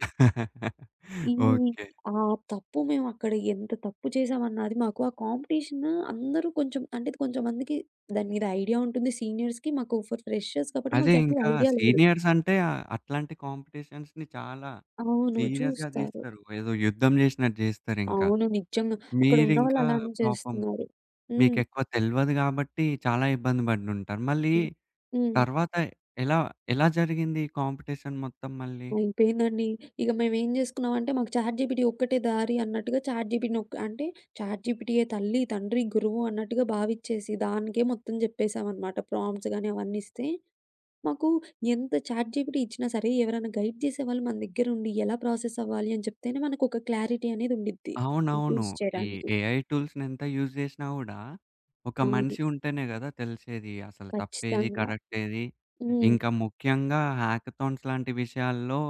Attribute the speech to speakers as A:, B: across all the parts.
A: ఇన్ని
B: ఓకే.
A: ఆహ్, తప్పు మేమక్కడ ఎంత తప్పు చేసామన్నది మాకు ఆ కాంపిటీషనూ అందరూ కొంచెం అంటే ఇది కొంచెం మందికి దాని మీద ఐడియా ఉంటుంది. సీనియర్స్‌కి మాకు ఫర్ ఫ్రెషర్స్ కాబట్టి
B: అదే
A: మాకు దాని మీద
B: ఇంకా
A: ఐడియా లేదు.
B: సీనియర్స్ అంటే ఆహ్, అట్లాంటి కాంపిటీషన్స్‌ని చాలా
A: అవును.
B: సీరియస్‌గా
A: చూస్తారు.
B: దీస్తారు. ఏదో యుద్ధం జేశినట్టు జేస్తారింకా.
A: అవును. నిజంగా అక్కడున్నవాళ్ళు
B: మీరింకా
A: అలానే
B: పాపం,
A: చేస్తున్నారు.
B: మీకు
A: హ్మ్.
B: ఎక్కువ తెల్వదు గాబట్టి చాలా ఇబ్బంది పడినుంటారు. మళ్ళీ
A: హ్మ్. హ్మ్.
B: తర్వాత ఎలా ఎలా జరిగింది ఈ కాంపిటీషన్ మొత్తం మళ్ళీ?
A: అయిపేందండి. ఇగ మేమేం జేసుకున్నామంటే మాకు చాట్‌జీపిటీ ఒక్కటే దారి అన్నట్టుగా, చాట్‌జీపిటీనొక అంటే చాట్‌జీపిటీయే తల్లి, తండ్రి, గురువు అన్నట్టుగా భావించ్చేసి దానికే మొత్తం జేప్పేసామనమాట. ప్రాంప్ట్స్ గాని అవన్నీ ఇస్తే మాకు ఎంత చాట్‌జీపిటీ ఇచ్చినా సరే, ఎవరైనా గైడ్ జేసేవాళ్ళు మన దగ్గరుండి ఎలా ప్రాసెస్ అవ్వాలి అని చెప్తేనే మనకొక క్లారిటీ అనేది ఉండిద్ది
B: అవునవును.
A: యూజ్
B: ఈ
A: చేయడానికి.
B: ఏఐ టూల్స్‌ని ఎంత యూజ్ జేశినా గూడా ఒక
A: అవును.
B: మనిషి ఉంటేనే గదా! తెలిసేది అసలు తప్పేది,
A: కచ్చితంగా.
B: కరెక్టేది.
A: హ్మ్.
B: ఇంకా ముఖ్యంగా హ్యాకథాన్స్ లాంటి విషయాల్లో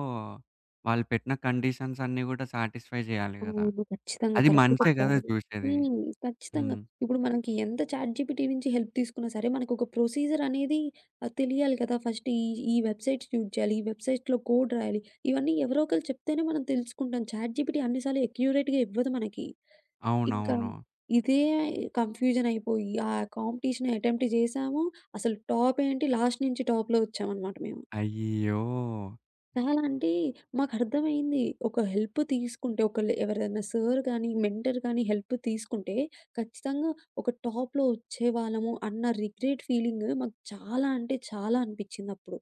B: వాళ్ళు పెట్టిన కండిషన్స్ అన్నీ గూడా సాటిస్ఫై చేయాలి గదా!
A: అవును. ఖచ్చితంగా
B: అది
A: కరెక్ట్
B: మనిషే గదా!
A: చెప్పారు.
B: జూశేది.
A: హ్మ్. ఖచ్చితంగా
B: హ్మ్.
A: ఇప్పుడు మనకి ఎంత చాట్‌జీపిటీ నుంచి హెల్ప్ తీసుకున్నా సరే మనకొక ప్రొసీజర్ అనేది ఆహ్, తెలియాలి కదా! ఫస్ట్ ఈ, ఈ వెబ్‌సైట్ యూజ్ చేయాలి. ఈ వెబ్‌సైట్‌లో కోడ్ రాయాలి. ఇవన్నీ ఎవరో ఒకళ్ళు చెప్తేనే మనం తెలుసుకుంటాం. చాట్‌జీపిటీ అన్ని సార్లు ఎక్యురేట్‌గా ఇవ్వదు మనకి. ఇంకా
B: అవునవును.
A: ఇదే కన్ఫ్యూజన్ అయిపోయి ఆ కాంపిటీషన్ అటెంప్ట్ జేశాము. అసలు టాప్ ఏంటి, లాస్ట్ నుంచి టాప్‌లో ఒచ్చామన్నమాట మేము.
B: అయ్యో!
A: చాలా అంటే మాకు అర్థమైంది. ఒక హెల్ప్ తీసుకుంటే, ఒకళ్ళు ఎవర్దైనా సార్ గానీ, మెంటర్ గానీ హెల్ప్ తీసుకుంటే ఖచ్చితంగా ఒక టాప్‌లో ఒచ్చేవాళ్ళము అన్న రిగ్రెట్ ఫీలింగ్ మాకు చాలా అంటే చాలా అనిపించిందప్పుడు.